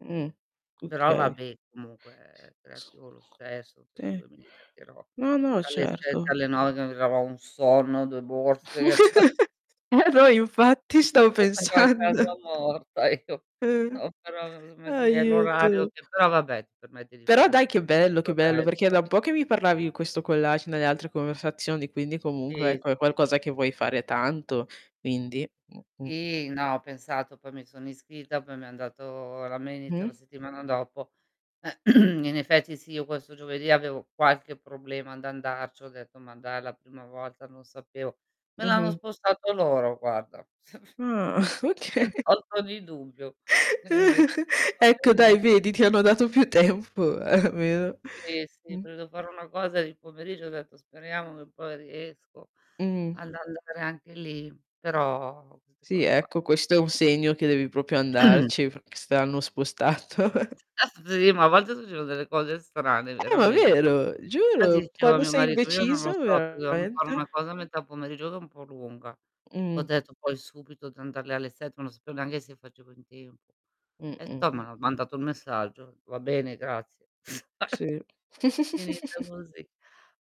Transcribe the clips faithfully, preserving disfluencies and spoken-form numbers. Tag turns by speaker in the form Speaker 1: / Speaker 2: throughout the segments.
Speaker 1: Mh,
Speaker 2: Però
Speaker 1: okay. Ha
Speaker 2: vabbè comunque, ehm,
Speaker 1: senso.
Speaker 2: ecco lo stesso penso
Speaker 1: Sì.
Speaker 2: che mi divertirò.
Speaker 1: No, no
Speaker 2: Dalle sette
Speaker 1: certo.
Speaker 2: alle nove che mi [unintelligible] un sonno, due borse, che ciò.
Speaker 1: Eh, no infatti stavo pensando.
Speaker 2: [unintelligible] ecco.
Speaker 1: Eh.
Speaker 2: [unintelligible] per l'orario
Speaker 1: Aiuto.
Speaker 2: c però vabbè ti permette di
Speaker 1: Però
Speaker 2: fare
Speaker 1: dai
Speaker 2: tut
Speaker 1: che bello,
Speaker 2: tutto
Speaker 1: che
Speaker 2: il
Speaker 1: bello perché è da
Speaker 2: resto.
Speaker 1: un po' che mi parlavi di questo collage nelle altre conversazioni, quindi
Speaker 2: Sì,
Speaker 1: comunque ecco è
Speaker 2: sì,
Speaker 1: qualcosa
Speaker 2: sì.
Speaker 1: che vuoi fare tanto, quindi mh-mh.
Speaker 2: Sì, no ho pensato poi mi sono iscritta poi mi han dato la mail, inizia la
Speaker 1: Mh.
Speaker 2: settimana dopo. In effetti sì, io questo giovedì avevo qualche problema ad andarci ho detto: "Ma dai la prima volta non sapevo" me l'hanno
Speaker 1: Mh-mh.
Speaker 2: spostato loro guarda.
Speaker 1: Ah,
Speaker 2: Mi han
Speaker 1: okay.
Speaker 2: tolto ogni dubbio. Quindi, va
Speaker 1: Ecco dai
Speaker 2: beni
Speaker 1: vedi, ti hanno dato più tempo almeno.
Speaker 2: Sì, sì,
Speaker 1: Mh.
Speaker 2: volevo fare una cosa di pomeriggio ho detto: "Speriamo che poi riesco
Speaker 1: Mh-mh.
Speaker 2: ad andare anche lì," però queste
Speaker 1: Sì
Speaker 2: cose qua.
Speaker 1: ecco, questo è un segno che devi propio andarci perché se te l'hanno spostato.
Speaker 2: [unintelligible] a volte succedono delle cose strane
Speaker 1: Eh, ma
Speaker 2: verame
Speaker 1: vero,
Speaker 2: fatti
Speaker 1: giuro.
Speaker 2: dicevo a
Speaker 1: Quando
Speaker 2: mio
Speaker 1: sei
Speaker 2: marito: "Io non lo
Speaker 1: indeciso
Speaker 2: so, perché dovevam fare
Speaker 1: veramente.
Speaker 2: una cosa a metà pomeriggio che è un po' lunga." Ho
Speaker 1: Mh.
Speaker 2: detto poi subito di andar lì alle sette, non sapevo neanche se facevo in tempo. E
Speaker 1: Mh-mh.
Speaker 2: toh ma mandato il messaggio: "Va bene grazie."
Speaker 1: Sì.
Speaker 2: Finito così.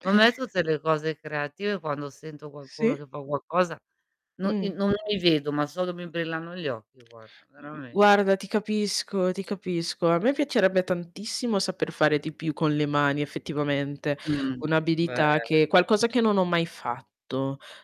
Speaker 2: Ma me tutte le cose creative quando sento qualcuno
Speaker 1: Sì.
Speaker 2: che fa qualcosa, no i
Speaker 1: Mh.
Speaker 2: non mi vedo, ma solo mi brillano gli occhi guarda
Speaker 1: Mh-mh,
Speaker 2: veramente.
Speaker 1: guarda ti capisco, ti capisco. A me piacerebbe tantissimo saper fare di più con le mani effettivamente,
Speaker 2: Mh.
Speaker 1: un'abilità
Speaker 2: Bel
Speaker 1: che qualcosa che non ho mai fatto.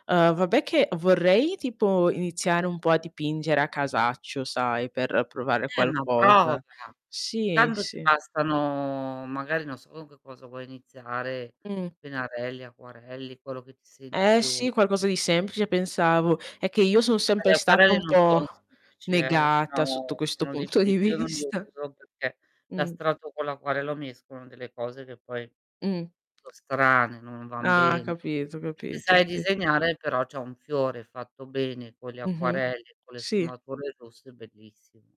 Speaker 1: Uhm, vabbè che vorrei tipo iniziare un po' a dipingere a casaccio, sai, per provare
Speaker 2: Eh, ma prova.
Speaker 1: qualcosa. Sì,
Speaker 2: Tanto ti
Speaker 1: sì.
Speaker 2: bastano magari, non so con che cosa vuoi iniziare,
Speaker 1: Mh.
Speaker 2: pennarelli, acquarelli, quello che ti senti
Speaker 1: Eh
Speaker 2: più
Speaker 1: sì, qualcosa di semplice pensavo. È che io son
Speaker 2: Eh,
Speaker 1: sempre
Speaker 2: gli
Speaker 1: stata
Speaker 2: acquarelli
Speaker 1: un
Speaker 2: non
Speaker 1: po'
Speaker 2: sono semplici, eh,
Speaker 1: negata sotto
Speaker 2: no
Speaker 1: questo
Speaker 2: sono
Speaker 1: punto
Speaker 2: diffi
Speaker 1: di
Speaker 2: io non li
Speaker 1: vista.
Speaker 2: uso perché
Speaker 1: Mh.
Speaker 2: l'astratto con l'acquarello mescolano delle cose che poi
Speaker 1: Mh.
Speaker 2: so' strane, non van
Speaker 1: Ah,
Speaker 2: bene.
Speaker 1: capito,
Speaker 2: Se
Speaker 1: capito,
Speaker 2: sai
Speaker 1: sì.
Speaker 2: disegnare però c'è un fiore fatto bene con gli
Speaker 1: Mh-mh.
Speaker 2: acquarelli, con le
Speaker 1: Sì.
Speaker 2: sfumature giuste è bellissimo.